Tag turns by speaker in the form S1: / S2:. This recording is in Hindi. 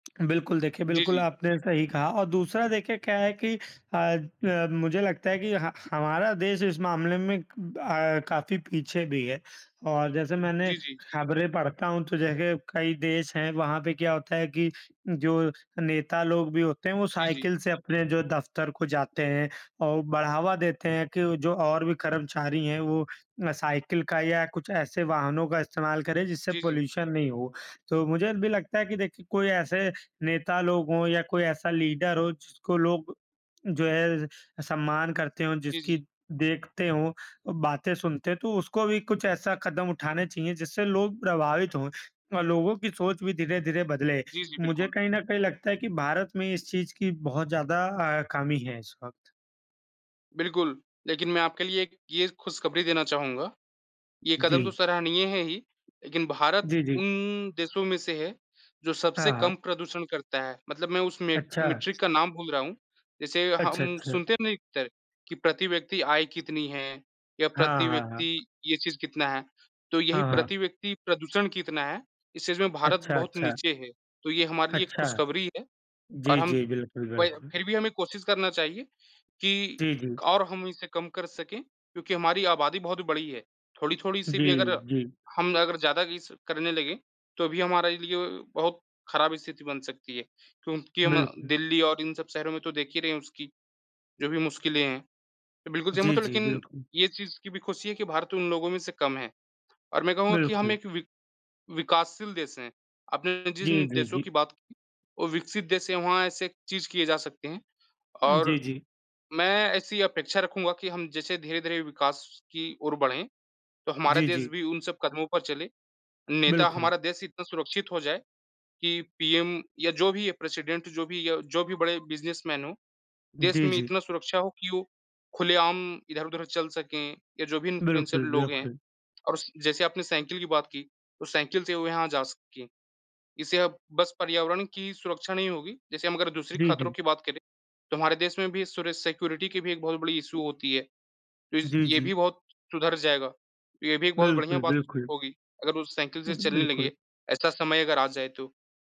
S1: बिल्कुल देखिए,
S2: जी,
S1: बिल्कुल
S2: जी।
S1: आपने सही कहा और दूसरा देखिए क्या है कि अ अ, मुझे लगता है कि ह हमारा देश इस मामले में क अ, काफ़ी पीछे भी है। और जैसे मैंने
S2: जी, जी।
S1: खबरें पढ़ता हूँ तो देखिए कई देश हैं, वहाँ पे क्या होता है कि जो नेता लोग भी होते हैं वो
S2: जी, जी।
S1: साइकिल से अपने जो दफ़्तर को जाते हैं, और बढ़ावा देते हैं कि जो और भी कर्मचारी हैं वो अ, साइकिल का या कुछ ऐसे वाहनों का इस्तेमाल करें जिससे
S2: जी, जी।
S1: पॉल्यूशन नहीं हो। तो मुझे भी लगता है कि देखिए कोई ऐसे नेता लोग हों या कोई ऐसा लीडर हो, जिसको लोग जो हैं सम्मान करते हों,
S2: जी,
S1: जिसकी
S2: जी।
S1: देखते हों, बातें सुनते तो उसको भी कुछ ऐसा कदम उठाने चाहिए, जिससे लोग प्रभावित हों और लोगों की सोच भी धीरे-धीरे बदले।
S2: जी, जी,
S1: मुझे
S2: बिल्कुल।
S1: कहीं न कहीं लगता है कि भारत में इस चीज़ की बहुत ज़्यादा अ, कमी है इस वक़्त।
S2: बिल्कुल, लेकिन मैं आपके लिए एक ये खुशखबरी देना चाहूँगा, ये कदम तो
S1: जी।
S2: सराहनीय हैं ही, लेकिन भारत
S1: जी, जी।
S2: उन देशों में से है, जो
S1: हाँ,
S2: सबसे
S1: हाँ।
S2: कम प्रदूषण करता है। मतलब मैं उस मे
S1: अच्छा।
S2: मेट्रिक का नाम भूल रहा हूँ, जैसे
S1: अच्छा,
S2: हम
S1: अच्छा।
S2: सुनते नहीं थे कि प्रति व्यक्ति आय कितनी हैं? या
S1: हाँ,
S2: प्रति
S1: हाँ, हाँ।
S2: व्यक्ति ये चीज़ कितना है? तो यही
S1: हाँ, हाँ।
S2: प्रति व्यक्ति प्रदूषण कितना है, इस चीज़ में भारत
S1: अच्छा,
S2: बहुत
S1: अच्छा।
S2: नीचे है, तो ये हमारे लिए एक
S1: अच्छा।
S2: खुशखबरी है और
S1: जी,
S2: हम
S1: जी। बिल्कुल,
S2: वही
S1: बिल्कुल।
S2: फिर भी हमें कोशिश करना चाहिए कि
S1: जी, जी।
S2: और हम इसे कम कर सकें, क्योंकि हमारी आबादी बहुत बड़ी है। थोड़ी-थोड़ी सी
S1: जी,
S2: भी अगर
S1: जी।
S2: हम अगर ज़्यादा ये सब करने लगे, तो भी हमारे लिए बहुत ख़राब स्थिति बन सकती है, क्योंकि हम
S1: बिल्कुल।
S2: दिल्ली और इन सब शहरों में तो देख ही रहे हैं उसकी जो भी मुश्किलें हैं, मैं बिल्कुल सहमत
S1: जी,
S2: हूँ,
S1: जी,
S2: लेकिन
S1: बिल्कुल।
S2: ये चीज़ की भी खुशी है कि भारत उन लोगों में से कम हैं। और मैं कहूँगा कि हम
S1: बिल्कुल।
S2: एक विक विकासशील देश हैं, आपने
S1: जी,
S2: जिन
S1: जी,
S2: देशों
S1: जी।
S2: की बात वो विकसित देश हैं, वहाँ ऐसे चीज़ किए जा सकते हैं
S1: जी,
S2: और
S1: जी।
S2: मैं ऐसी अपेक्षा रखूँगा कि हम जैसे धीरे-धीरे विकास की ओर बढ़ें तो हमारा
S1: जी,
S2: देश
S1: जी।
S2: भी उन सब कदमों पर चलें। नेता
S1: बिल्कुल।
S2: हमारा देश इतना सुरक्षित हो जाए कि पीएम या जो भी प्रेसिडेंट जो भी या जो भी बड़े बिज़नेसमैन हों, देश
S1: जी,
S2: में
S1: जी।
S2: इतना सुरक्षा हो कि वो खुलेआम इधर-उधर चल सकें या जो भी इनफ्लुएंसर
S1: बिल्कुल,
S2: लोग हैं
S1: बिल्कुल।
S2: और उस जैसे आपने साइकिल की बात की तो साइकिल से वो यहाँ जा सकें। इससे अब बस पर्यावरण की सुरक्षा नहीं होगी, जैसे हम अगर दूसरी
S1: जी,
S2: ख़तरों
S1: जी।
S2: की बात करें तो हमारे देश में भी सुर सिक्योरिटी की भी एक बहुत बड़ी इश्यू होती है, तो इस
S1: जी,
S2: ये
S1: जी।
S2: भी बहुत सुधर जाएगा, तो ये भी एक बहुत बढ़िया
S1: बिल्कुल,
S2: बात
S1: बिल्कुल।
S2: होगी अगर वो साइकिल से
S1: उह,
S2: चलने
S1: बिल्कुल।
S2: लगे, ऐसा समय अगर आ जाए तो।